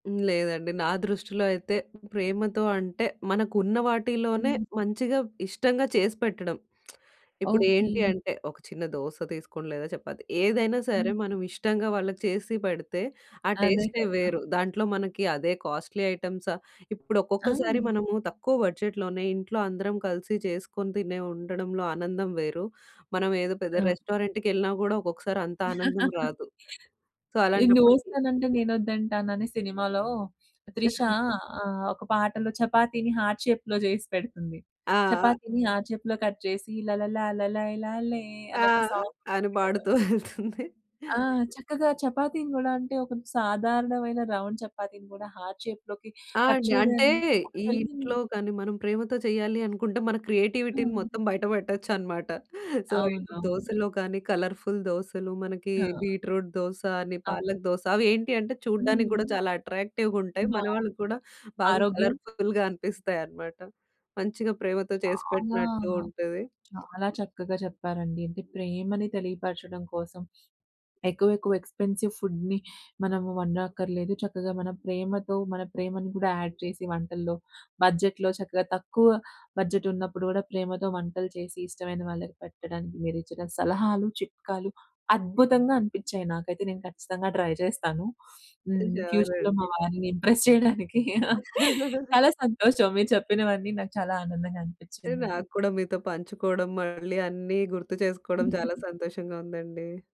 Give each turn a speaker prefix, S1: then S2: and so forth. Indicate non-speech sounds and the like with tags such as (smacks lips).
S1: లేదండి. నా దృష్టిలో అయితే, ప్రేమతో అంటే మనకున్న వాటిలోనే
S2: హ్మ్.
S1: మంచిగా, ఇష్టంగా చేసి పెట్టడం. (smacks lips) ఇప్పుడేంటి
S2: ఓకే.
S1: అంటే, ఒక చిన్న దోస తీసుకోండి లేదా చెపాతి ఏదైనా సరే
S2: హ్మ్.
S1: మనం ఇష్టంగా వాళ్ళకి చేసి పెడితే ఆ
S2: అదే
S1: టేస్టే
S2: కదా!
S1: వేరు. దాంట్లో మనకి అదే కాస్ట్‌లీ ఐటెమ్స ఇప్పుడు ఒక్కొక్కసారి
S2: ఆ!
S1: మనము తక్కువ బడ్జెట్లోనే ఇంట్లో అందరం కలిసి చేసుకొని తినే ఉండడంలో ఆనందం వేరు. మనం ఏదో
S2: ఆ!
S1: పెద్ద రెస్టారెంట్‌కేళ్ళినా గూడా ఒక్కొక్కసారి అంత ఆనందం
S2: (laughs)
S1: రాదు. సో,
S2: ఈ
S1: అలాంటప్పుడుకి
S2: 'నువ్వోస్తానంటే నేనొద్దంటాన' అనే సినిమాలో త్రిష ఆహ్, ఒక పాటలో చపాతీని హార్ట్ షేప్‌లో జేసి పెడుతుంది.
S1: ఆ! ఆ!
S2: చపాతీని హార్ట్ షేప్‌లో కట్ చేసి (humming) లలలాలలైలలే
S1: ఆ!
S2: అనే ఒక సాంగ్
S1: అని
S2: ఉంటుంది కదా!
S1: పాడుతూ ఎళ్తుంది.
S2: ఆ! చక్కగా చపాతీని గూడా అంటే ఒక సాధారణమైన రౌండ్ చపాతీని గూడా హార్ట్ షేప్‌లోకి
S1: ఆ!
S2: కట్
S1: అండి. అంటే
S2: చేయగానే
S1: ఈ ఇంట్లో
S2: (unintelligible)
S1: కానీ, మనం ప్రేమతో చేయాలి అనుకుంటే మన క్రియేటివిటీని
S2: హ్మ్.
S1: మొత్తం బయట బెట్టొచ్చనమాట. సో, ఇప్పుడు
S2: అవునవును.
S1: దోసలో కానీ, కలర్‌ఫుల్ దోసలు మనకి
S2: ఆ!
S1: బీట్రూట్ దోస అని,
S2: అవును.
S1: పాలక్ దోస అవేంటి అంటే
S2: హ్మ్.
S1: చూడ్డానికి గూడా చాలా అట్రాక్టివ్‌ గుంటాయి. మన వాళ్ళకి కూడా
S2: బావుంటది.
S1: బాగా
S2: ఆరోగ్యం
S1: కలర్‌ఫుల్‌గా అనిపిస్తాయనమాట. మంచిగా ప్రేమతో
S2: చాలా
S1: చేసిపెట్టినట్టు ఉంటది.
S2: చాలా చక్కగా చెప్పారండి. అంటే ప్రేమని తెలియపరచడం కోసం ఎక్కువెక్కువ ఎక్స్‌పెన్సివ్ ఫుడ్‌ని మనం వండక్కర్లేదు. చక్కగా మన ప్రేమతో మన ప్రేమని గూడా యాడ్ చేసి వంటల్లో, బడ్జెట్‌లో, చక్కగా తక్కువ బడ్జెట్ ఉన్నప్పుడు గూడా ప్రేమతో వంటలు చేసి ఇష్టమైన వాళ్ళకి పెట్టడానికి మీరిచ్చిన సలహాలు, చిట్కాలు అద్భుతంగా అనిపించాయి నాకైతే. నేను ఖచ్చితంగా ట్రై చేస్తాను. (sniffs) హ్మ్.
S1: షూర్
S2: ఫ్యూచర్‌లో మా
S1: అండి.
S2: వారిని ఇంప్రెస్ చేయడానికి. (laughs)
S1: (laughs)
S2: చాలా సంతోషం. మీరు చెప్పినవన్నీ నాకు చాలా ఆనందంగా
S1: అంటే
S2: అనిపించిందండి.
S1: నాకు కూడా మీతో పంచుకోవడం మళ్ళీ అన్నీ గుర్తు చేసుకోవడం చాలా సంతోషంగా ఉందండి.